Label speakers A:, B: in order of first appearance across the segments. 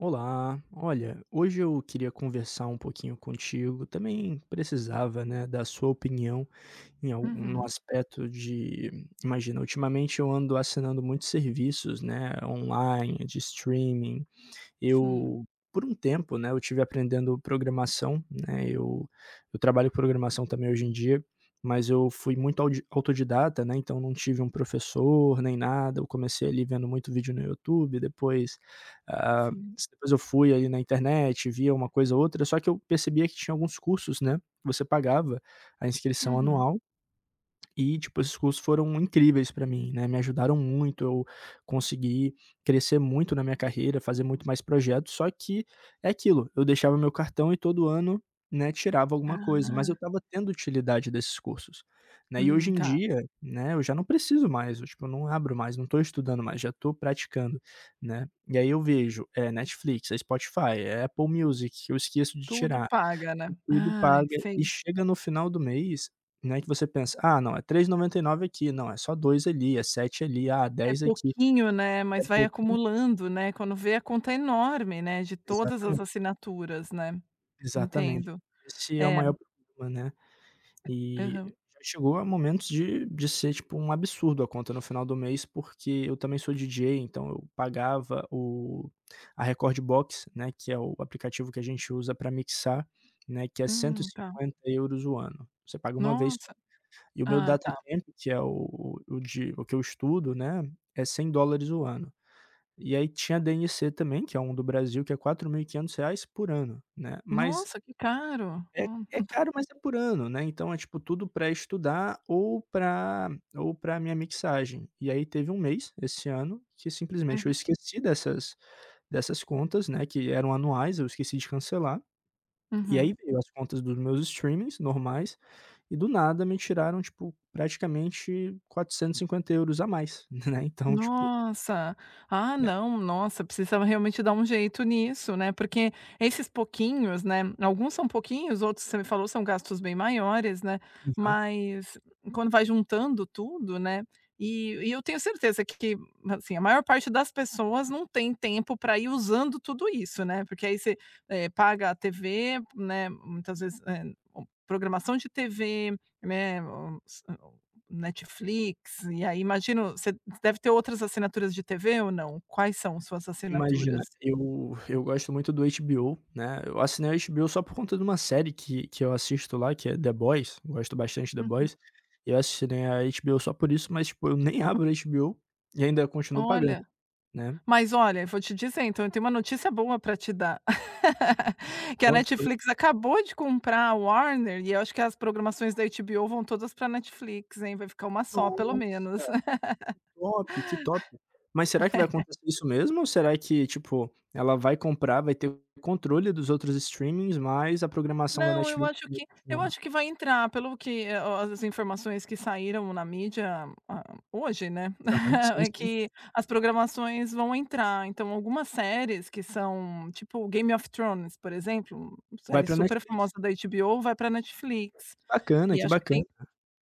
A: Olá. Olha, hoje eu queria conversar um pouquinho contigo, também precisava, né, da sua opinião em algum
B: Uhum.
A: aspecto de imagina, ultimamente eu ando assinando muitos serviços, né, online, de streaming.
B: Sim.
A: Eu por um tempo, né, eu tive aprendendo programação, né, eu eu trabalho com programação também hoje em dia, mas eu fui muito audi autodidata, né, então não tive um professor nem nada. Eu comecei ali vendo muito vídeo no YouTube, depois, hã,
B: Sim.
A: s depois eu fui aí na internet, vi uma coisa ou outra, só que eu percebia que tinha alguns cursos, né, você pagava a inscrição
B: Uhum!
A: anual e tipo, esses cursos foram incríveis pra mim, né. Me ajudaram muito, eu consegui crescer muito na minha carreira, fazer muito mais projetos, só que é aquilo, eu deixava o meu cartão e todo ano, né, tirava alguma coisa, mas eu
B: Ah!
A: estava tendo utilidade desses cursos, né? E hoje
B: Hum,
A: em
B: tá.
A: dia, né, eu já não preciso mais, tipo, eu não abro mais, não tô estudando mais, já tô praticando, né? E aí eu vejo, é Netflix, é Spotify, é Apple Music, eu esqueço de
B: Tudo
A: tirar.
B: paga, né?
A: Tudo
B: Ai,
A: paga e
B: sei.
A: chega no final do mês, né, que você pensa: "Ah, não, é 3,99 aqui. Não, é só 2 ali, é 7 ali, ah,
B: É
A: 10 aqui".
B: pouquinho, né,
A: É
B: mas vai
A: pouquinho
B: acumulando, né, quando vê a conta enorme, né, de todas as
A: Exatamente.
B: assinaturas, né?
A: Exatamente.
B: Entendo.
A: Esse é o
B: É.
A: maior problema, né? E
B: Aham.
A: já chegou a momentos de de ser tipo um absurdo a conta no final do mês, porque eu também sou DJ, então eu pagava o a Rekordbox, né, que é o aplicativo que a gente usa pra mixar, né, que é cento e
B: Hum, tá.
A: cinquenta euros o ano. Você paga uma vez só.
B: Nossa!
A: E o meu
B: Ah,
A: Data
B: tá.
A: Camp, que é o o de o que eu estudo, né, é U$100 o ano. E aí tinha DNC também, que é um do Brasil que é R$4.500 por ano, né. Mas
B: Nossa, que caro,
A: É
B: oh.
A: é caro, mas é por ano, né? Então é tipo tudo pra estudar ou pra ou pra minha mixagem. E aí teve 1 mês esse ano que simplesmente eu
B: Aham.
A: esqueci dessas dessas contas, né, que eram anuais, eu esqueci de cancelar. E aí
B: Uhum.
A: veio as contas dos meus streamings normais e do nada me tiraram, tipo, praticamente €450 a mais, né. Então, tipo
B: Nossa! Ah,
A: É.
B: não, nossa, precisava realmente dar um jeito nisso, né? Porque esses pouquinhos, né, alguns são pouquinhos, outros você me falou são gastos bem maiores, né?
A: Aham.
B: Mas quando vai juntando tudo, né? E, e eu tenho certeza que que, assim, a maior parte das pessoas não têm tempo pra ir usando tudo isso, né? Porque aí você, eh, paga a TV, né, muitas vezes, eh, programação de TV, né, ou e ou Netflix, e aí imagino, você deve ter outras assinaturas de TV, ou não? Quais são suas
A: Imagina,
B: assinaturas?
A: eu eu gosto muito do HBO, né. Eu assinei o HBO só por conta de uma série que que eu assisto lá, que é The Boys, gosto bastante The
B: Uhum.
A: Boys. Eu assinei a HBO só por isso, mas tipo, eu nem abro o HBO e ainda continuo pagando,
B: Olha,
A: né?
B: mas olha, vou te dizer então, eu tenho uma notícia boa pra te dar. Que a
A: [unintelligible]
B: Netflix acabou de comprar a Warner e eu acho que as programações da HBO vão todas pra Netflix, hein? Vai ficar uma só, pelo
A: Nossa,
B: menos.
A: que top, que top! Mas será que vai
B: É.
A: acontecer isso mesmo ou será que, tipo, ela vai comprar, vai ter o controle dos outros streamings, mas a programação da
B: Não, eu
A: Netflix
B: acho
A: vai
B: que, eu
A: continuar?
B: acho que vai entrar, pelo que é ó as informações que saíram na mídia, hã, hoje, né?
A: Aham, sim,
B: É
A: sim.
B: que as programações vão entrar, então algumas séries que são, tipo Game of Thrones, por exemplo,
A: Vai
B: série
A: pra Netflix?
B: superfamosa da HBO, vai pra
A: Que
B: Netflix.
A: bacana,
B: E
A: que
B: acho que
A: bacana.
B: tem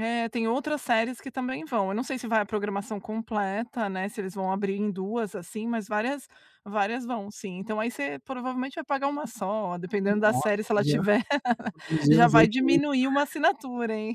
B: é, tem outras séries que também vão. Eu não sei se vai a programação completa, né, se eles vão abrir em 2 assim, mas várias várias vão, sim. Então aí você provavelmente vai pagar uma só, dependendo da
A: Nossa,
B: série, se
A: aí
B: ela
A: já já
B: tiver,
A: economizei
B: já
A: uns
B: vai
A: €8.
B: diminuir uma assinatura, hein?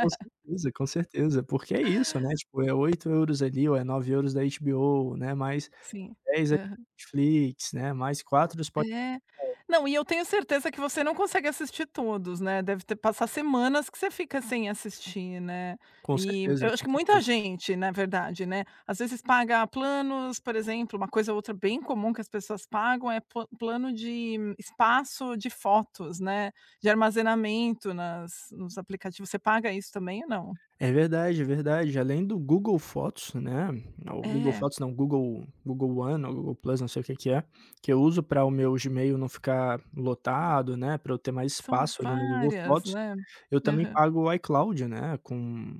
A: Com certeza, com certeza, porque é isso, né? Tipo, é €8,00 ali ou é €9,00 da HBO, né? Mais
B: Sim.
A: €10,00 da
B: Aham.
A: Netflix, né? Mais €4,00 do Spotify.
B: É, não, e eu tenho certeza que você não consegue assistir todos, né? Deve ter passar semanas que você fica sem assistir, né?
A: Com
B: E
A: certeza,
B: eu acho
A: com
B: que muita
A: certeza.
B: gente, na verdade, né, às vezes paga planos, por exemplo, uma coisa outra bem comum que as pessoas pagam é po plano de espaço de fotos, né? De armazenamento nas nos aplicativos. Você paga isso também ou não?
A: É verdade, é verdade. Além do Google Fotos, né? É o Google
B: É.
A: Fotos, não, Google, Google One ou Google Plus, não sei o que que é, que eu uso pra o meu Gmail não ficar lotado, né? Pra eu ter mais
B: São
A: espaço ali no Google
B: várias,
A: Fotos.
B: né?
A: Eu também
B: Aham.
A: pago o iCloud, né. Com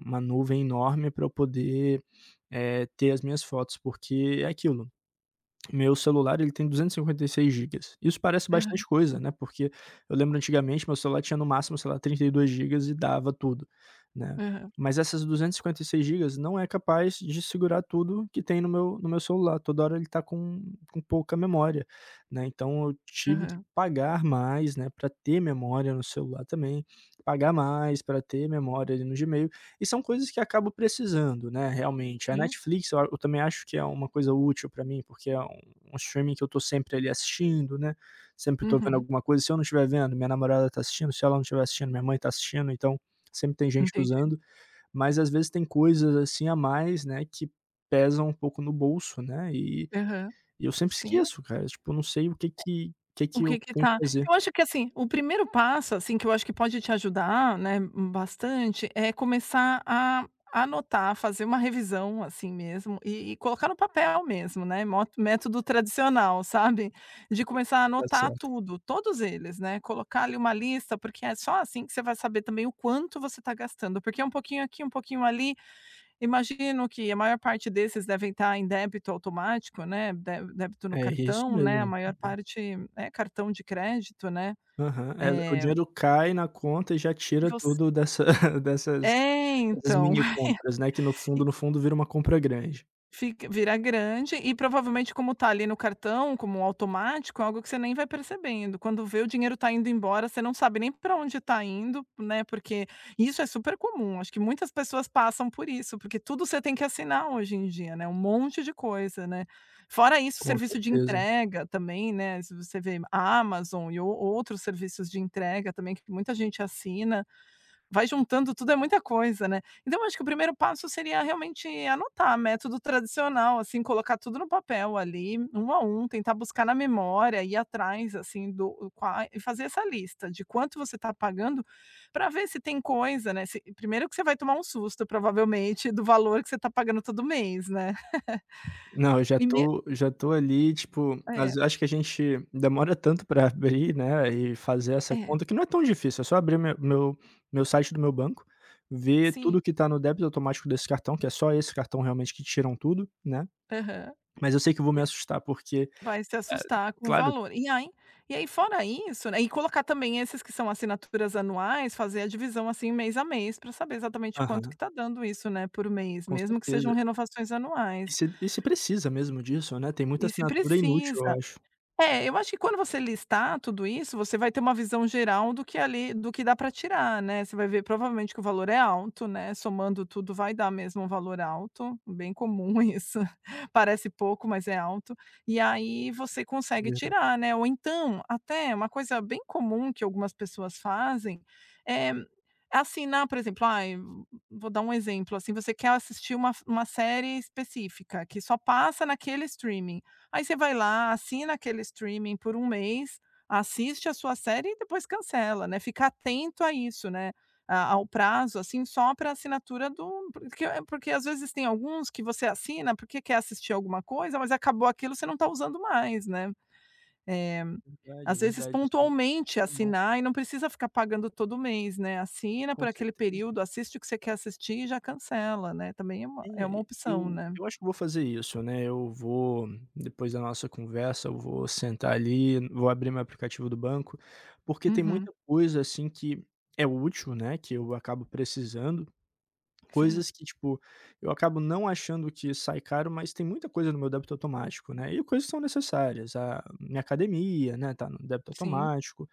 A: uma nuvem enorme pra eu poder, eh, ter as minhas fotos, porque é aquilo, meu celular ele tem 256 gigas. Isso parece
B: Aham.
A: bastante coisa, né? Porque eu lembro antigamente, meu celular tinha no máximo, sei lá, 32 gigas e dava tudo, né.
B: Aham.
A: Mas essas 256 gigas não é capaz de segurar tudo que tem no meu no meu celular. Toda hora ele tá com, com pouca memória, né. Então eu tive que
B: Aham.
A: pagar mais, né, pra ter memória no celular também, pagar mais pra ter memória ali no Gmail. E são coisas que acabo precisando, né, realmente. A
B: Sim.
A: Netflix eu a eu também acho que é uma coisa útil pra mim, porque é um um streaming que eu tô sempre ali assistindo, né. Sempre tô vendo
B: Uhum.
A: alguma coisa. Se eu não tiver vendo, minha namorada tá assistindo. Se ela não tiver assistindo, minha mãe tá assistindo. Então, sempre tem gente
B: Entendi.
A: usando, mas às vezes tem coisas assim a mais, né, que pesam um pouco no bolso, né? E
B: Aham,
A: eu sempre
B: sim.
A: esqueço, cara. Tipo, não sei o que que que
B: O
A: que
B: que
A: eu
B: que
A: tenho que
B: tá
A: fazer.
B: eu acho que assim, o primeiro passo, assim, que eu acho que pode te ajudar, né, bastante, é começar a anotar, fazer uma revisão assim mesmo e e colocar no papel mesmo, né. Mo método tradicional, sabe? De começar a
A: Tá
B: anotar
A: certo.
B: tudo, todos eles, né. Colocar ali uma lista, porque é só assim que você vai saber também o quanto você tá gastando, porque é um pouquinho aqui, um pouquinho ali. Imagino que a maior parte desses devem tá em débito automático, né, dé débito no
A: É isso
B: cartão, né. A
A: mesmo,
B: maior
A: né.
B: parte, é cartão de crédito, né.
A: Aham. É, o
B: É
A: dinheiro cai na conta e já tira
B: Você
A: tudo dessa dessas,
B: É,
A: dessas
B: então.
A: minicompras, né, que no fundo,
B: E
A: no fundo vira uma compra grande.
B: Fica vira grande e provavelmente como tá ali no cartão como automático, é algo que você nem vai percebendo, quando vê, o dinheiro tá indo embora, você não sabe nem pra onde tá indo, né, porque isso é super comum, acho que muitas pessoas passam por isso, porque tudo você tem que assinar hoje em dia, né, um monte de coisa, né? Fora isso,
A: Com
B: serviço de
A: certeza.
B: entrega também, né, se você ver, Amazon e ou outros serviços de entrega também que muita gente assina, vai juntando tudo, é muita coisa, né? Então, eu acho que o primeiro passo seria realmente anotar, método tradicional, assim, colocar tudo no papel ali, 1 a 1, tentar buscar na memória, ir atrás, assim, do a qua e fazer essa lista de quanto você tá pagando pra ver se tem coisa, né, se E primeiro que você vai tomar um susto, provavelmente, do valor que você tá pagando todo mês, né?
A: Não, eu já
B: E me
A: tô já tô ali, tipo, às
B: É.
A: ve acho que a gente demora tanto pra abrir, né, e fazer essa
B: É.
A: conta, que não é tão difícil, é só abrir me meu meu site do meu banco, ver
B: Sim
A: tudo que tá no débito automático desse cartão, que é só esse cartão realmente que tiram tudo, né,
B: Aham.
A: mas eu sei que vou
B: E
A: me
B: é
A: assustar porque,
B: Vai se
A: eh
B: assustar com o
A: Claro.
B: valor. E ai e aí fora isso, né, e colocar também esses que são assinaturas anuais, fazer a divisão, assim, mês a mês pra saber exatamente quanto que
A: Aham.
B: tá dando isso, né, por mês,
A: Com
B: mesmo que sejam
A: certeza.
B: renovações
A: E
B: anuais.
A: se e se precisa mesmo disso, né? Tem muita
B: E se
A: assinatura inútil, eu
B: precisa.
A: acho.
B: É, eu acho que quando você listar tudo isso, você vai ter uma visão geral do que ali do que dá pra tirar, né, você vai ver, provavelmente, que o valor é alto, né, somando tudo vai dar mesmo um valor alto, bem comum isso, parece pouco, mas é alto. E aí você consegue
A: Verdade.
B: tirar, né, ou, então, até uma coisa bem comum que algumas pessoas fazem é assinar, por exemplo, ai, vou dar um exemplo, assim, você quer assistir uma f uma série específica que só passa naquele streaming, aí você vai lá, assina aquele streaming por 1 mês, assiste a sua série e depois cancela, né, fica atento a isso, né, a ao prazo, assim, só pra assinatura do hum, pro que porque às vezes tem alguns que você assina, porque quer assistir alguma coisa, mas acabou aquilo, você não tá usando mais, né? Eh,
A: Verdade. É
B: às vezes
A: verdade, isso é um
B: pontualmente
A: problemão.
B: assinar e não precisa ficar pagando todo mês, né, assina por
A: Com
B: aquele
A: certeza.
B: período, assiste o que você quer assistir e já cancela, né, também é uma
A: É,
B: é uma opção,
A: eu
B: né?
A: eu acho que vou fazer isso, né, eu vou, depois da nossa conversa, eu vou sentar ali, vou abrir meu aplicativo do banco, porque tem
B: Uhum.
A: muita coisa, assim, que é útil, né, que eu acabo precisando,
B: Sim.
A: coisas que tipo, eu acabo não achando que sai caro, mas tem muita coisa no meu débito automático, né, e coisas que são necessárias, a minha academia, né, tá no débito
B: Sim.
A: automático,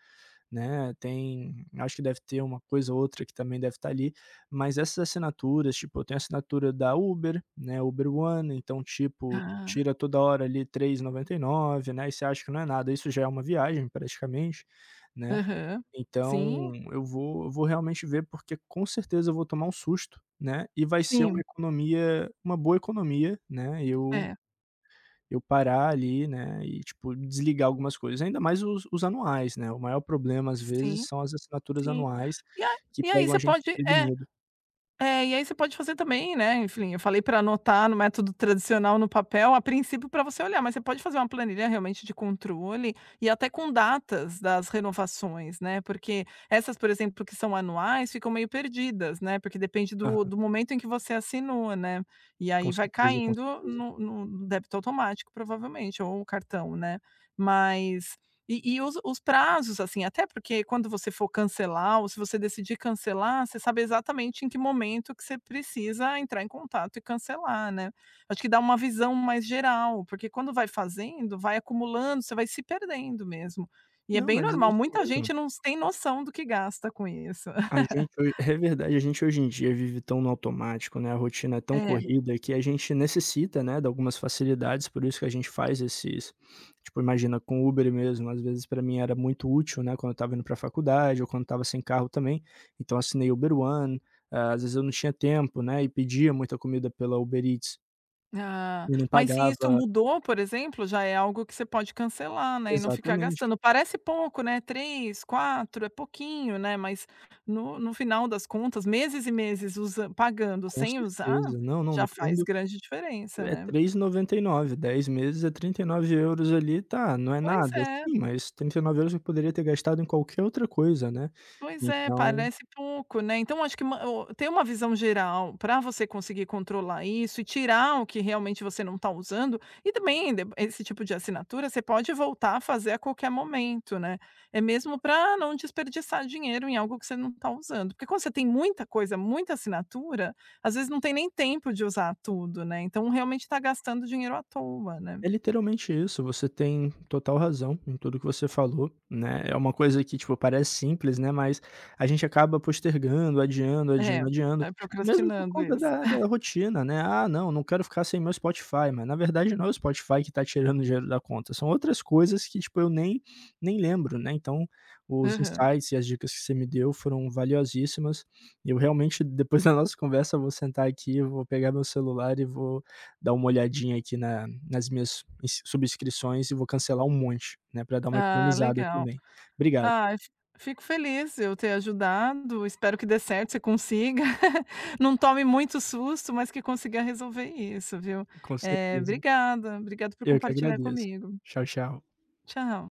A: né, tem acho que deve ter uma coisa ou outra que também deve estar ali, mas essas assinaturas, tipo, eu tenho assinatura da Uber, né, Uber One, então, tipo,
B: Ah.
A: tira toda hora ali 3,99, né, e você acha que não é nada, isso já é uma viagem praticamente, né?
B: Aham. Sim.
A: Então, eu vou vou realmente ver, porque com certeza eu vou tomar um susto, né, e vai ser uma
B: Sim.
A: economia, uma boa economia, né, eu
B: É.
A: eu parar ali, né, e tipo, desligar algumas coisas, ainda mais os os anuais, né, o maior problema às vezes
B: Sim,
A: são as assinaturas
B: sim.
A: anuais
B: E a
A: que
B: e aí
A: pegam
B: você
A: a gen
B: pode é,
A: prevenido.
B: é, e aí você pode fazer também, né, enfim, eu falei pra anotar no método tradicional no papel, a princípio pra você olhar, mas você pode fazer uma planilha realmente de controle e até com datas das renovações, né, porque essas, por exemplo, que são anuais, ficam meio perdidas, né, porque depende do
A: Aham.
B: do momento em que você assinou, né, e aí
A: Com
B: vai
A: certeza. Com
B: caindo
A: certeza.
B: no no no débito automático, provavelmente, ou o cartão, né? Mas E e os os prazos, assim, até porque quando você for cancelar ou se você decidir cancelar, você sabe exatamente em que momento que você precisa entrar em contato e cancelar, né? Acho que dá uma visão mais geral, porque quando vai fazendo, vai acumulando, você vai se perdendo mesmo. E é
A: Não,
B: bem
A: mas é
B: normal,
A: isso
B: muita
A: mesmo.
B: gente não sem noção do que gasta com isso.
A: A gente ho É verdade, a gente hoje em dia vive tão no automático, né, a rotina é tão
B: É.
A: corrida que a gente necessita, né, de algumas facilidades, por isso que a gente faz esses Tipo, imagina, com o Uber mesmo, às vezes pra mim era muito útil, né, quando eu estava indo pra faculdade ou quando estava sem carro também, então assinei Uber One. Ah, às vezes eu não tinha tempo, né, e pedia muita comida pela Uber Eats.
B: Ah,
A: E não
B: mas se isso
A: pagava
B: mudou, por exemplo, já é algo que você pode cancelar, né, e não ficar
A: Exatamente.
B: gastando. Parece pouco, né, 3, 4, é pouquinho, né, mas no no final das contas, meses e meses usa pagando
A: Com
B: sem usar,
A: certeza. Não, não,
B: já
A: no
B: faz
A: fundo
B: grande diferença,
A: é
B: né.
A: 3,99€, 10 meses é 39€ ali. Tá, não é
B: Pois
A: nada,
B: é.
A: sim, mas 39€ eu poderia ter gastado em qualquer outra coisa, né.
B: Pois é,
A: Então
B: parece pouco, né. Então acho que ma o ter uma visão geral pra você conseguir controlar isso e tirar o que realmente você não tá usando. E também, dep esse tipo de assinatura, você pode voltar a fazer a qualquer momento, né. É mesmo pra não desperdiçar dinheiro em algo que você não tá usando. Porque quando você tem muita coisa, muita assinatura, às vezes não tem nem tempo de usar tudo, né. Então realmente tá gastando dinheiro à toa, né.
A: É literalmente isso, você tem total razão em tudo que você falou, né. É uma coisa que, tipo, parece simples, né, mas a gente acaba postergando, adiando,
B: É,
A: adiando, adiando,
B: vai
A: mesmo por
B: procrastinando
A: conta
B: isso.
A: da da rotina, né: "Ah não, não quero ficar sem meu Spotify", mas na verdade não é o Spotify que tá tirando o dinheiro da conta, são outras coisas que tipo eu nem nem lembro, né. Então os
B: Aham.
A: insights e as dicas que você me deu foram valiosíssimas. Eu realmente, depois da nossa conversa, vou sentar aqui, eu vou pegar meu celular e vou dar uma olhadinha aqui na nas minhas ins subscrições e vou cancelar um monte, né, pra dar uma
B: Ah,
A: economizada
B: legal.
A: também. Obrigado.
B: Ah, eu fi fico feliz, eu ter ajudado. Espero que dê certo, que você consiga. Não tome muito susto, mas que consiga resolver isso, viu.
A: Com
B: Eh,
A: certeza.
B: obrigada, obrigada por
A: Eu que
B: compartilhar
A: agradeço.
B: comigo.
A: Tchau, tchau.
B: Tchau.